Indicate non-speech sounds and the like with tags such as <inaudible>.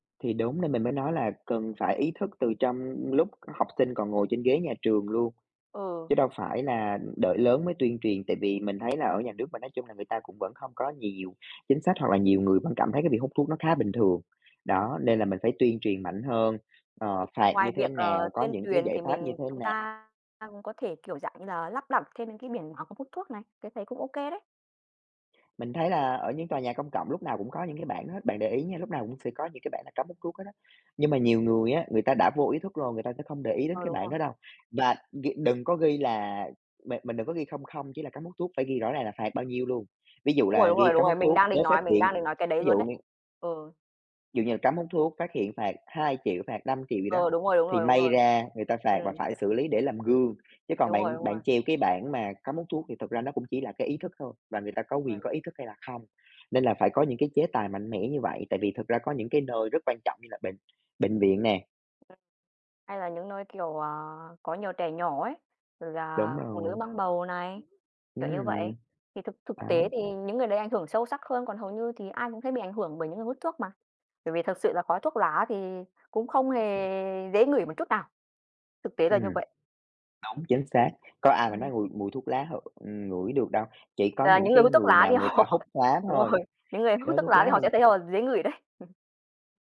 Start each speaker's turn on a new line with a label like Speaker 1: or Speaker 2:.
Speaker 1: Thì đúng, nên mình mới nói là cần phải ý thức từ trong lúc học sinh còn ngồi trên ghế nhà trường luôn,
Speaker 2: Ừ.
Speaker 1: chứ đâu phải là đợi lớn mới tuyên truyền. Tại vì mình thấy là ở nhà nước mình nói chung là người ta cũng vẫn không có nhiều chính sách hoặc là nhiều người vẫn cảm thấy cái việc hút thuốc nó khá bình thường.
Speaker 2: Ờ.
Speaker 1: Đó, nên là mình phải tuyên truyền mạnh hơn, ờ, phạt
Speaker 2: Ngoài
Speaker 1: như thế
Speaker 2: việc, ờ,
Speaker 1: nào, có
Speaker 2: tuyên
Speaker 1: những cái
Speaker 2: truyền
Speaker 1: giải
Speaker 2: thì
Speaker 1: pháp như
Speaker 2: mình,
Speaker 1: thế
Speaker 2: chúng
Speaker 1: nà
Speaker 2: ta ta cũng có thể, kiểu, dạng như là, lắp đặt thêm những cái biển báo không hút thuốc này, cái thấy cũng ô kê đấy.
Speaker 1: Mình thấy là ở những tòa nhà công cộng lúc nào cũng có những cái bảng đó hết, bạn để ý nha, lúc nào cũng sẽ có những cái bảng là cấm hút thuốc hết á. Nhưng mà nhiều người á, người ta đã vô ý thức rồi, người ta sẽ không để ý đến
Speaker 2: Ờ,
Speaker 1: cái
Speaker 2: đúng
Speaker 1: bảng
Speaker 2: rồi.
Speaker 1: đó đâu. Và gh đừng có ghi là bạn bạn đừng có ghi không không chỉ là cấm hút thuốc, phải ghi rõ ràng là phạt bao nhiêu luôn. Ví dụ
Speaker 2: Đúng rồi,
Speaker 1: là
Speaker 2: đúng rồi,
Speaker 1: ghi
Speaker 2: đúng
Speaker 1: cấm
Speaker 2: rồi,
Speaker 1: hút
Speaker 2: mình
Speaker 1: thuốc,
Speaker 2: đang định
Speaker 1: nếu phát
Speaker 2: nói, mình
Speaker 1: hiện,
Speaker 2: đang định nói cái đấy
Speaker 1: ví
Speaker 2: luôn
Speaker 1: dụ
Speaker 2: đấy.
Speaker 1: như
Speaker 2: Ừ.
Speaker 1: Dụ như là cấm hút thuốc, phát hiện phạt 2.000.000, phạt 5.000.000 gì đó,
Speaker 2: Ừ, đúng rồi, đúng
Speaker 1: thì
Speaker 2: rồi, đúng
Speaker 1: may
Speaker 2: rồi.
Speaker 1: ra người ta phạt và
Speaker 2: Ừm.
Speaker 1: phải xử lý để làm gương. Chứ còn
Speaker 2: Đúng rồi,
Speaker 1: bạn
Speaker 2: đúng rồi.
Speaker 1: bạn treo cái bảng mà cấm hút thuốc thì thực ra nó cũng chỉ là cái ý thức thôi, và người ta có
Speaker 2: Rồi,
Speaker 1: quyền
Speaker 2: đúng rồi.
Speaker 1: có ý thức hay là không, nên là phải có những cái chế tài mạnh mẽ như vậy, tại vì thực ra có những cái nơi rất quan trọng như là bệnh bệnh viện nè.
Speaker 2: Hay là những nơi, kiểu, à, có nhiều trẻ nhỏ ấy, rồi
Speaker 1: Đúng
Speaker 2: là phụ nữ
Speaker 1: rồi.
Speaker 2: mang bầu này,
Speaker 1: Ừm.
Speaker 2: kiểu như vậy. Thì thực thực
Speaker 1: Đó.
Speaker 2: tế thì những người đấy ảnh hưởng sâu sắc hơn, còn hầu như thì ai cũng thấy bị ảnh hưởng bởi những người hút thuốc mà. Bởi vì thật sự là khói thuốc lá thì cũng không hề dễ ngửi một chút nào, thực tế là như
Speaker 1: Ừm.
Speaker 2: vậy.
Speaker 1: Đúng, chính xác. Có ai mà nói
Speaker 2: <unintelligible>
Speaker 1: mùi mùi thuốc lá h ừm, ngửi được đâu, chỉ có
Speaker 2: Là
Speaker 1: những
Speaker 2: những người
Speaker 1: cái
Speaker 2: hút thuốc
Speaker 1: người
Speaker 2: lá
Speaker 1: nào
Speaker 2: thì
Speaker 1: người ta
Speaker 2: họ
Speaker 1: hút lá
Speaker 2: đúng
Speaker 1: thôi.
Speaker 2: rồi, những người
Speaker 1: <unintelligible>
Speaker 2: hút
Speaker 1: Đó,
Speaker 2: thuốc
Speaker 1: thuốc
Speaker 2: lá thì
Speaker 1: lá
Speaker 2: họ sẽ
Speaker 1: thì
Speaker 2: thấy họ dễ ngửi đấy. <chuckles>